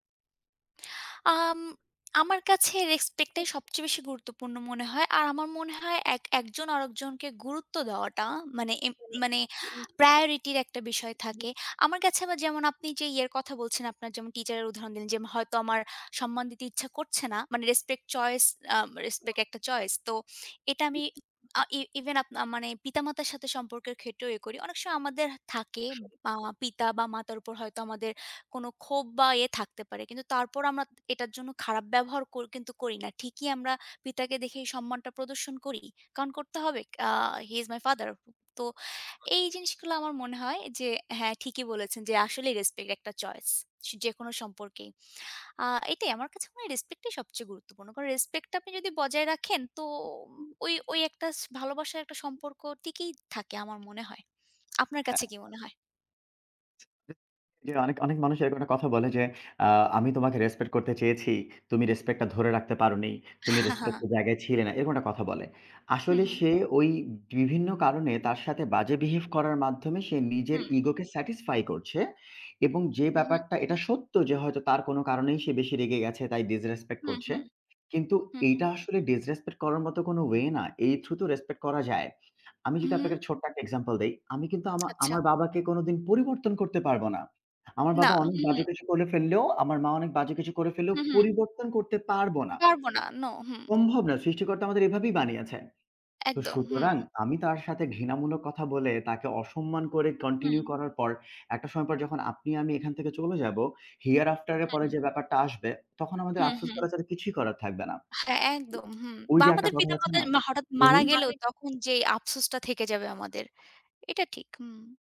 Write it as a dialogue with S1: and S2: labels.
S1: আম আমার কাছে respect এ
S2: [unintelligible]
S1: সবচেয়ে বেশি গুরুত্বপূর্ণ মনে হয়। আর আমার মনে হয় এক একজন আরেকজনকে গুরুত্ব দেওয়াটা মানে, এম মানে
S2: [unintelligible]
S1: priority একটা বিষয়
S2: [unintelligible]
S1: থাকে। আমার কাছে বা যেমন আপনি যে ইয়ের কথা বলছেন, আপনার যেমন teacher উদাহরণ দিলেন, যেম হয়তো আমার সম্মান দিতে ইচ্ছা করছে না। মানে respect choice, আ respect একটা choice। তো এটা আমি
S2: [unintelligible]
S1: আ even আপনা মানে পিতামাতার সাথে সম্পর্কের ক্ষেত্রেও এ করি। অনেক সময় আমাদের হা থাকে
S2: [unintelligible]
S1: বা পিতা বা মাতার উপর হয়তো আমাদের কোনো ক্ষোভ বা ইয়ে থাকতে পারে, কিন্তু তারপরও আমরা এটার জন্য খারাপ ব্যবহার কর কিন্তু করি না। ঠিকই আমরা পিতাকে দেখেই সম্মানটা প্রদর্শন করি কারণ করতে হবে। আ He is my father তো
S2: [unintelligible]
S1: এই জিনিসগুলো আমার মনে হয় যে হ্যাঁ, ঠিকই বলেছেন যে আসলেই respect একটা choice যেকোনো সম্পর্কে। আ এটাই আমার কাছে মনে হয় respect টাই সবচেয়ে গুরুত্বপূর্ণ। কারণ respect টা আপনি যদি বজায় রাখেন তোম
S2: [unintelligible]
S1: ওই, ওই, একটা স ভালোবাসার একটা সম্পর্ক টিকই থাকে আমার মনে হয়। আপনার
S2: হ্যাঁ।
S1: কাছে কি মনে হয়?
S2: [unintelligible] জি অনেক, অনেক মানুষ এইধরনের কথা বলে যে, আ আমি তোমাকে respect করতে চেয়েছি, তুমি respect টা ধরে রাখতে পারোনি, তুমি respect এর জায়গায় ছিলে না, এরকম একটা কথা বলে।
S1: হুম,
S2: আসলে
S1: হুম।
S2: সে ওই বিভিন্ন কারণে তার সাথে বাজে behave করার মাধ্যমে সে নিজের
S1: হুম।
S2: ego কে satisfy করছে এবং যে
S1: হু, হুম।
S2: ব্যাপারটা এটা সত্য যে হয়তো তার কোনো কারণেই সে বেশি রেগে গেছে তাই disrespect
S1: হুম,
S2: করছে।
S1: হুম।
S2: কিন্তু
S1: হুম, হুম।
S2: এইটা আসলে disrespect করার মতো কোনো way না। এই through তো respect করা যায়। আমি যদি
S1: হুম।
S2: আপনাকে ছোট্ট একটা example দেই, আমি কিন্তু আমা
S1: আচ্ছা।
S2: আমার বাবাকে কোনোদিন পরিবর্তন করতে পারবো না। আমার
S1: না।
S2: বাবা অনেক
S1: হুম, হুম।
S2: বাজে কিছু করে ফেললেও, আমার মা অনেক বাজে কিছু করে ফেললেও
S1: হুম, হুম।
S2: পরিবর্তন করতে পারবো না।
S1: পারবো না, নো। হুম।
S2: সম্ভব না। সৃষ্টিকর্তা আমাদের এভাবেই বানিয়েছেন। তো
S1: একদম।
S2: সুতরাং
S1: হুম।
S2: আমি তার সাথে ঘৃণামূলক কথা বলে তাকে অসম্মান করে continue
S1: হুম।
S2: করার পর একটা সময় পর যখন আপনি আমি এখান থেকে চলে যাবো here after এর পরে
S1: হুম।
S2: যে ব্যাপারটা আসবে। তখন আমাদের
S1: হুম,
S2: আফসোস
S1: হুম।
S2: করা ছাড়া কিছুই করার থাকবে না।
S1: হ্যাঁ, একদম হুম।
S2: ওই
S1: বা
S2: যে একটা
S1: আমাদের
S2: কথা আছে
S1: পিতামাতা
S2: না?
S1: মা হঠাৎ মারা গেলেও
S2: উহু।
S1: তখন যে আফসোসটা থেকে যাবে আমাদের এটা ঠিক। হুম।